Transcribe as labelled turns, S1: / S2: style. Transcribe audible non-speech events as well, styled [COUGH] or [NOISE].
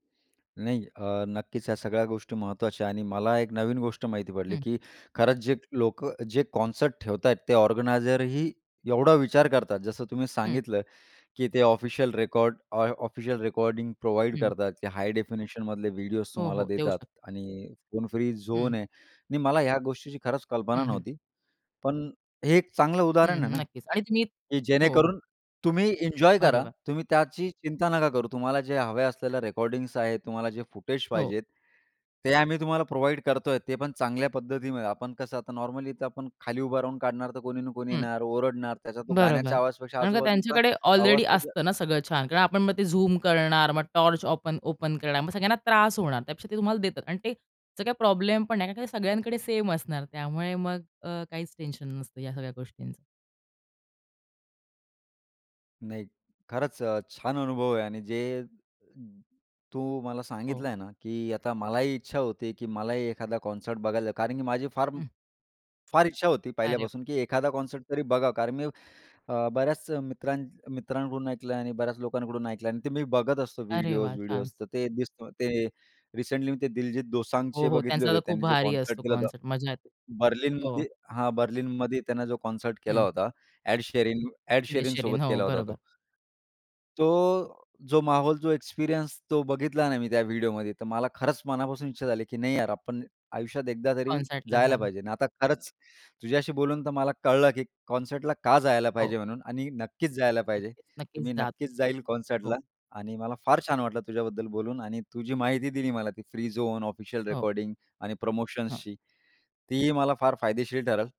S1: नाही. अ, नक्कीच, ह्या सगळ्या गोष्टी महत्त्वाच्या आणि मला एक नवीन गोष्ट माहिती पडली,
S2: हं.
S1: की खरंच जे लोकं जे कॉन्सर्ट ते ऑर्गनायझर ही एवढा विचार करतात, जसं तुम्ही
S2: हं.
S1: सांगितलं, की ते ऑफिशियल रेकॉर्ड ऑ ऑफिशियल रेकॉर्डिंग प्रोव्हाईड
S2: हं.
S1: करतात, की हाय डेफिनेशनमधले व्हिडिओस
S2: हो,
S1: तुम्हाला
S2: हो. देऊ
S1: देतात
S2: शक
S1: आणि फोन फ्री
S2: हं.
S1: झोन आहे आणि मला ह्या गोष्टीची खरंच कल्पना
S2: हं, हं.
S1: नव्हती. पण हे एक चांगलं
S2: हं,
S1: उदाहरण आहे
S2: हं.
S1: ना,
S2: नक्कीच. आणि तुम्ही
S1: की
S2: हो, हो.
S1: जेणेकरून तुम्ही एन्जॉय करा,
S2: बरोबर.
S1: तुम्ही त्याची चिंता नका करू. तुम्हाला जे हव्या असलेल्या रेकॉर्डिंग्स आहेत, तुम्हाला जे फुटेज
S2: हो.
S1: पाहिजेत, ते आम्ही तुम्हाला प्रोव्हाईड करतोय ते पण चांगल्या पद्धतीने. आपण कसं आता नॉर्मली तर आपण खाली उभं राहून काढणार, तर कोणी ना कोणी
S2: हं.
S1: येणार, ओरडणार, त्याचा तो गाण्याच्या
S2: बरोबर.
S1: आवाजापेक्षा
S2: कारण का
S1: आजूबाजूचा
S2: त्यांच्याकडे
S1: आवाज
S2: ऑलरेडी
S1: तो ज
S2: असतं ना सगळं छान. कारण आपण मग ते झूम करणार, मग टॉर्च ओपन ओपन करणार मग सगळ्यांना त्रास होणार. त्यापेक्षा ते तुम्हाला देतात आणि ते सगळ्या प्रॉब्लेम पण नाही. कारण की सगळ्यांकडे सेम असणार, त्यामुळे मग अ, काहीच टेन्शन नसतं ह्या सगळ्या गोष्टींचं.
S1: नाही. खरंच अ, छान अनुभव आहे आणि जे तू मला
S2: हो.
S1: सांगितल आहे ना, की आता मलाही इच्छा होती आहे, की मलाही एखादा कॉन्सर्ट बघायचं आहे. कारण की माझी फार
S2: [CHUCKLES]
S1: फार इच्छा होती
S2: अरे
S1: पहिल्यापासून, की एखादा कॉन्सर्ट तरी बघा. कारण मी अ, बऱ्याच मित्रां मित्रांकडून ऐकलं आणि बऱ्याच लोकांकडून ऐकलं अन् ते मी बघत असतो
S2: अरे वा! छान.
S1: व्हिडिओज-व्हिडिओज तर ते दिसतं. ते रिसेंटली मी ते दिलजीत
S2: हो,
S1: दोसांगचे
S2: हो.
S1: बघितले
S2: त्यांचा तर
S1: होते.
S2: खूप
S1: त्यांनी जे
S2: भारी
S1: कॉन्सर्ट
S2: असतो
S1: केलं होतं,
S2: कॉन्सर्ट मज्जा येते. हो.
S1: बर्लिनमध्ये हां, बर्लिनमध्ये त्यानं जो कॉन्सर्ट केला
S2: हं.
S1: होता एड शेरिंग एड
S2: एड
S1: शेरिंगसोबत
S2: शेरिंग. हो.
S1: केला होता तो.
S2: बरोबर.
S1: तो जो माहोल जो एक्सपिरियन्स तो बघितला ना, मी त्या व्हिडिओमध्ये तर मला खरंच मनापासून इच्छा झाली, की नाही यार, आपण आयुष्यात एकदा तरी
S2: कॉन्सर्टला
S1: जायला
S2: जाल.
S1: पाहिजे आणि आता खरंच तुझ्याशी बोलून तर मला कळलं, की कॉन्सर्टला का जायला
S2: हो.
S1: पाहिजे म्हणून आणि नक्कीच जायला पाहिजे.
S2: नक्कीच,
S1: तर
S2: नक्कीच
S1: मी
S2: जातं.
S1: नक्कीच जाईल कॉन्सर्टला
S2: हो.
S1: आणि मला फार छान वाटलं तुझ्याबद्दल बोलून आणि तु जी माहिती दिली मला, ती फ्री झोन ऑफिशियल
S2: हो.
S1: रेकॉर्डिंग आणि
S2: हां.
S1: प्रमोशन्सची, तीही मला फार फायदेशीर ठरेल.